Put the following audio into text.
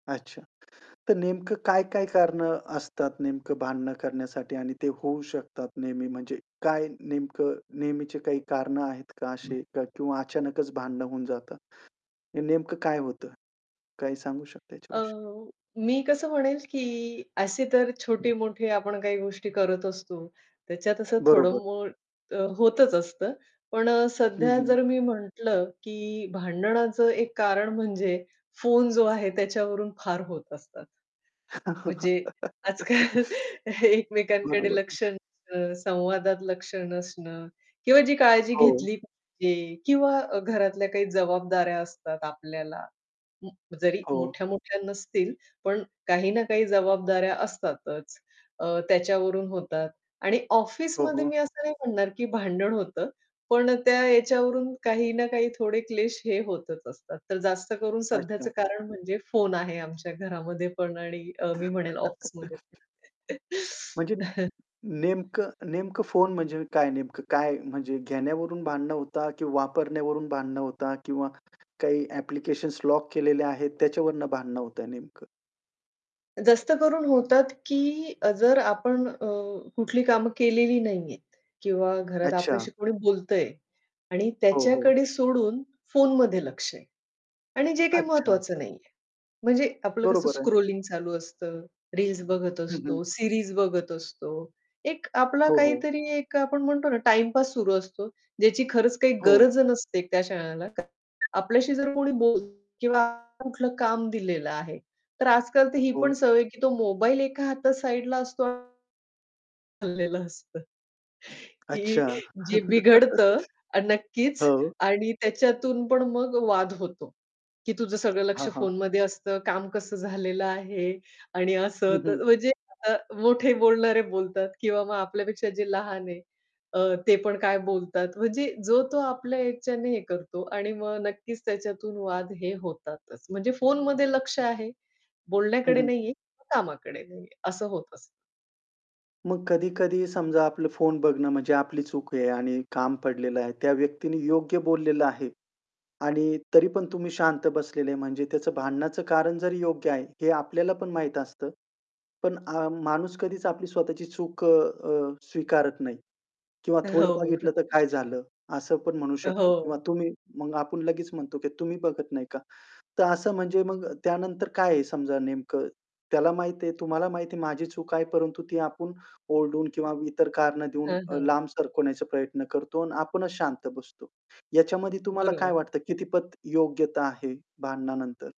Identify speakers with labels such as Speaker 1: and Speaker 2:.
Speaker 1: अच्छा. तर नेमकं काय-काय कारणं असतात नेमकं भांडणं करण्यासाठी आणि ते होऊ शकतात नेहमी म्हणजे काय नेमकं नेहमीची काही कारणं आहेत का असे क किंवा अचानकच भांडणं होऊन जातं. हे नेमकं काय होतं? काही सांगू शकता
Speaker 2: अ,
Speaker 1: याच्याविषयी?
Speaker 2: मी कसं म्हणेल की असे तर छोट-मोठे आपण काही गोष्टी करत असतो. त्याच्यात असं थोडं
Speaker 1: बरोबर.
Speaker 2: बहुत होतंच असतं. पण
Speaker 1: हं,
Speaker 2: सध्या
Speaker 1: हं.
Speaker 2: जर मी म्हटलं की भांडणाचं एक कारण म्हणजे फोन जो आहे त्याच्यावरून फार होत असतात. म्हणजे आज-काल एकमेकांकडे
Speaker 1: बरोबर.
Speaker 2: लक्ष नसणं. संवादात लक्ष नसणं किंवा जी काळजी
Speaker 1: हो.
Speaker 2: घेतली पाहिजे किंवा घरातल्या काही जबाबदाऱ्या असतात आपल्याला. उम्म, जरी
Speaker 1: हो.
Speaker 2: मोठ्या-मोठ्या नसतील पण काही ना काही जबाबदाऱ्या असतातच. अ, त्याच्यावरून होतात आणि
Speaker 1: हो,
Speaker 2: ऑफिसमध्ये
Speaker 1: हो.
Speaker 2: मी असं नाही म्हणणार की भांडण होतं. पण त्या याच्यावरून काही ना काही थोडे क्लेश हे होतच असतात. तर जास्त करून सध्याचं
Speaker 1: अच्छा.
Speaker 2: कारण म्हणजे फोन आहे आमच्या घरामध्ये पण आणि अ, मी म्हणेल ऑफिसमध्ये
Speaker 1: म्हणजे
Speaker 2: पण
Speaker 1: नेम नेमकं नेमकं फोन म्हणजे काय नेमकं, काय म्हणजे घेण्यावरून भांडणं होतात किंवा वापरण्यावरून भांडणं होतात किंवा काही ॲप्लिकेशन्स लॉक केलेल्या आहेत त्याच्यावरनं भांडणं होतंय नेमकं?
Speaker 2: जास्त करून होतात की अ, जर आपण अ, कुठली कामं केलेली नाहीहेत किंवा घरात
Speaker 1: अच्छा.
Speaker 2: आपल्याशी कोणी बोलतंय आणि
Speaker 1: हो, हो.
Speaker 2: त्याच्याकडे सोडून फोनमध्ये लक्ष आहे आणि जे काही
Speaker 1: अच्छा.
Speaker 2: महत्वाचं नाहीये. म्हणजे आपलं कसं
Speaker 1: बरोबर आहे.
Speaker 2: स्क्रॉलिंग चालू असतं, रील्स बघत
Speaker 1: हं, हं.
Speaker 2: असतो, सीरीज बघत असतो. एक आपला
Speaker 1: हो, हो.
Speaker 2: काहीतरी एक आपण म्हणतो ना टाईमपास सुरु असतो, ज्याची खरंच काही
Speaker 1: हो.
Speaker 2: गरज नसते त्या क्षणाला. आपल्याशी जर कोणी बोलतो किंवा कुठलं काम दिलेलं आहे, तर आज-काल तर ही पण
Speaker 1: हो.
Speaker 2: सवय आहे की तो मोबाईल एका हातात साइडला असतो. [unintelligible] चालेलं असतं. की
Speaker 1: अच्छा.
Speaker 2: जे बिघडतं आणि नक्कीच
Speaker 1: हो.
Speaker 2: आणि त्याच्यातून पण मग वाद होतो. की "तुझं सगळं
Speaker 1: हां,
Speaker 2: लक्ष
Speaker 1: हां.
Speaker 2: फोनमध्ये असतं, काम कसं झालेलं आहे आणि
Speaker 1: हं, हं.
Speaker 2: असं-तसं." म्हणजे अ, मोठे बोलणारे बोलतात किंवा मग आपल्यापेक्षा जे लहान आहे अ, ते पण काय बोलतात, म्हणजे जो तो आपल्या ह्याच्याने हे करतो आणि मग नक्कीच त्याच्यातून वाद हे होतातच. म्हणजे फोनमध्ये लक्ष आहे,
Speaker 1: हं,
Speaker 2: बोलण्याकडे
Speaker 1: हं.
Speaker 2: नाहीये किंवा कामाकडे नाहीये असं होत असतं.
Speaker 1: मग कधी-कधी समजा आपलं फोन बघणं म्हणजे आपली चूक आहे आणि काम पडलेलं आहे. त्या व्यक्तीने योग्य बोललेलं आहे. आणि तरी पण तुम्ही शांत बसलेले म्हणजे त्याचं भांडण्याचं कारण जरी योग्य आहे हे आपल्याला पण माहीत असतं. पण अ, माणूस कधीच आपली स्वतःची चूक अ, अ, स्वीकारत नाही. किंवा
Speaker 2: अ,
Speaker 1: "थोडं
Speaker 2: हो, हो.
Speaker 1: बघितलं तर काय झालं?" असं पण म्हणू
Speaker 2: अ,
Speaker 1: शकतो किंवा
Speaker 2: हो.
Speaker 1: तुम्ही मग आपण लगेच म्हणतो की "तुम्ही बघत नाही का?" तर असं म्हणजे मग त्यानंतर काय आहे समजा नेमकं त्याला माहिती आहे, तुम्हाला माहिती आहे, माझी चूक आहे परंतु ती आपण ओरडून किंवा इतर कारणं देऊन
Speaker 2: हं,
Speaker 1: अ,
Speaker 2: हं.
Speaker 1: लांब सरकवण्याचा प्रयत्न करतो आणि आपणच शांत बसतो. ह्याच्यामध्ये तुम्हाला काय
Speaker 2: बरोबर.
Speaker 1: वाटतं कितीपत योग्यता आहे भांडणानंतर?